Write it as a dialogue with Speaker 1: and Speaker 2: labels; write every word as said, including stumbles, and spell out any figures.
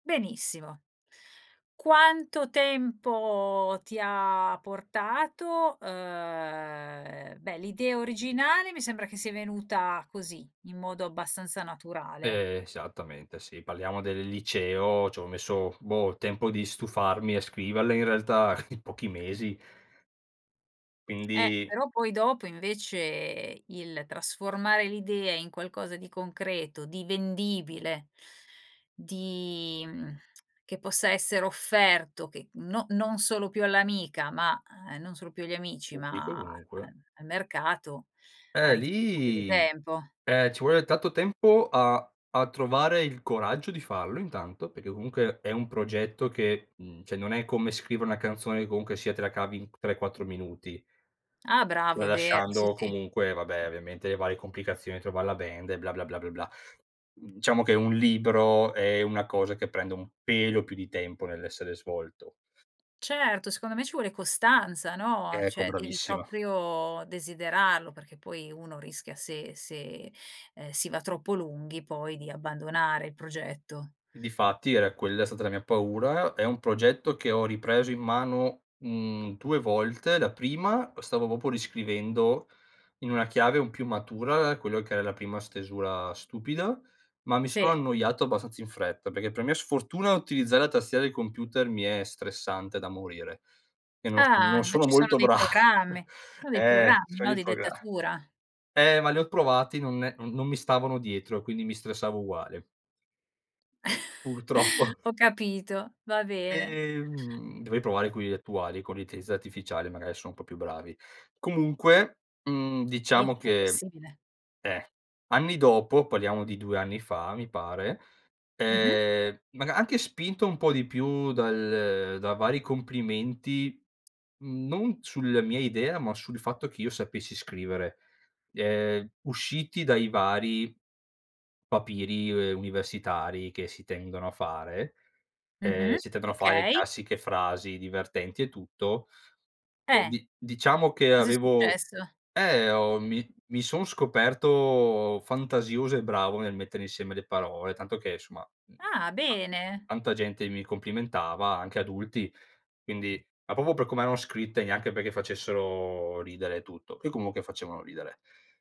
Speaker 1: Benissimo. Quanto tempo ti ha portato? Ehm, beh, l'idea originale mi sembra che sia venuta così in modo abbastanza naturale.
Speaker 2: Esattamente, sì. Parliamo del liceo, ci ho messo, boh, il tempo di stufarmi a scriverle in realtà, in pochi mesi
Speaker 1: Eh,
Speaker 2: quindi
Speaker 1: però poi dopo invece, il trasformare l'idea in qualcosa di concreto, di vendibile, di, mhmm, che possa essere offerto, che no non solo più all'amica, ma ehm, non solo più agli amici,
Speaker 2: Pubblico
Speaker 1: ma a
Speaker 2: comunque.
Speaker 1: al mercato ha
Speaker 2: Eh,
Speaker 1: rich un po' più di
Speaker 2: lì
Speaker 1: tempo.
Speaker 2: eh, ci vuole tanto tempo a a trovare il coraggio di farlo intanto, perché comunque è un progetto che, mhmm, ceh non è come scrivere una canzone che comunque sia te la cavi in c tre, quattro minuti.
Speaker 1: Ah, bravo, è vero, sì,
Speaker 2: Tralasciando,
Speaker 1: sì.
Speaker 2: comunque, vabbè, ovviamente, le varie complicazioni, trovare la band e bla, bla, bla, bla, bla. Diciamo che un libro è una cosa che prende un pelo più di tempo nell'essere svolto.
Speaker 1: Certo, secondo me ci vuole costanza, no, a
Speaker 2: Ecco,
Speaker 1: cioè, devi
Speaker 2: bravissima.
Speaker 1: proprio desiderarlo, perché poi uno rischia se se, ehm, si va troppo lunghi poi di abbandonare il progetto.
Speaker 2: Difatti, era quella è stata la mia paura. È un progetto che ho ripreso in mano, mhmm, due volte. La prima, stavo popo riscrivendo in una chiave un più matura quello che era la prima stesura stupida, ma mi sono
Speaker 1: Sì.
Speaker 2: annoiato abbastanza in fretta perché, per mia sfortuna, utilizzare la tastiera del computer mi è stressante da morire e non non
Speaker 1: Ah, ma
Speaker 2: sono
Speaker 1: ci son
Speaker 2: molto
Speaker 1: dei
Speaker 2: bra
Speaker 1: programmi, ci son dei
Speaker 2: Eh,
Speaker 1: programmi,
Speaker 2: scegli
Speaker 1: no,
Speaker 2: il
Speaker 1: di
Speaker 2: progra
Speaker 1: dettatura.
Speaker 2: eh, ma li ho provati, non non mi stavano dietro, quindi mi stressavo uguale. Purtroppo.
Speaker 1: Ho capito, va bene.
Speaker 2: Ehm, dovrei provare quelli attuali con l'intelliza artificiale, magari son un po' più bravi. Comunque, mhmm,
Speaker 1: Sì,
Speaker 2: diciamo
Speaker 1: è
Speaker 2: che,
Speaker 1: possibile.
Speaker 2: eh, anni dopo- parliamo di due anni fa, mi pare.
Speaker 1: Mh-mh.
Speaker 2: Ehm, maga anche spinto un po' di più dal da vari complimenti, non sulla mia idea, ma sul fatto che io sapessi scrivere, ehm, usciti dai vari papiri, ehm, universitari che si tendono a fare, ehm,
Speaker 1: Mh-mh,
Speaker 2: si tendono a fare
Speaker 1: okay.
Speaker 2: classiche frasi divertenti e tutto, e
Speaker 1: Eh,
Speaker 2: di diciamo che
Speaker 1: cosa è
Speaker 2: avevo
Speaker 1: successo?
Speaker 2: eh, ho mi mi son scoperto fantasioso e bravo nel mettere insieme le parole, tanto che, insomma, mhmm,
Speaker 1: Ah,
Speaker 2: ta
Speaker 1: bene.
Speaker 2: tanta gente mi complimentava, anche adulti, quindi, ma popo per come erano scritte, neanche perché facessero ridere e tutto, che, comunque, facevano ridere.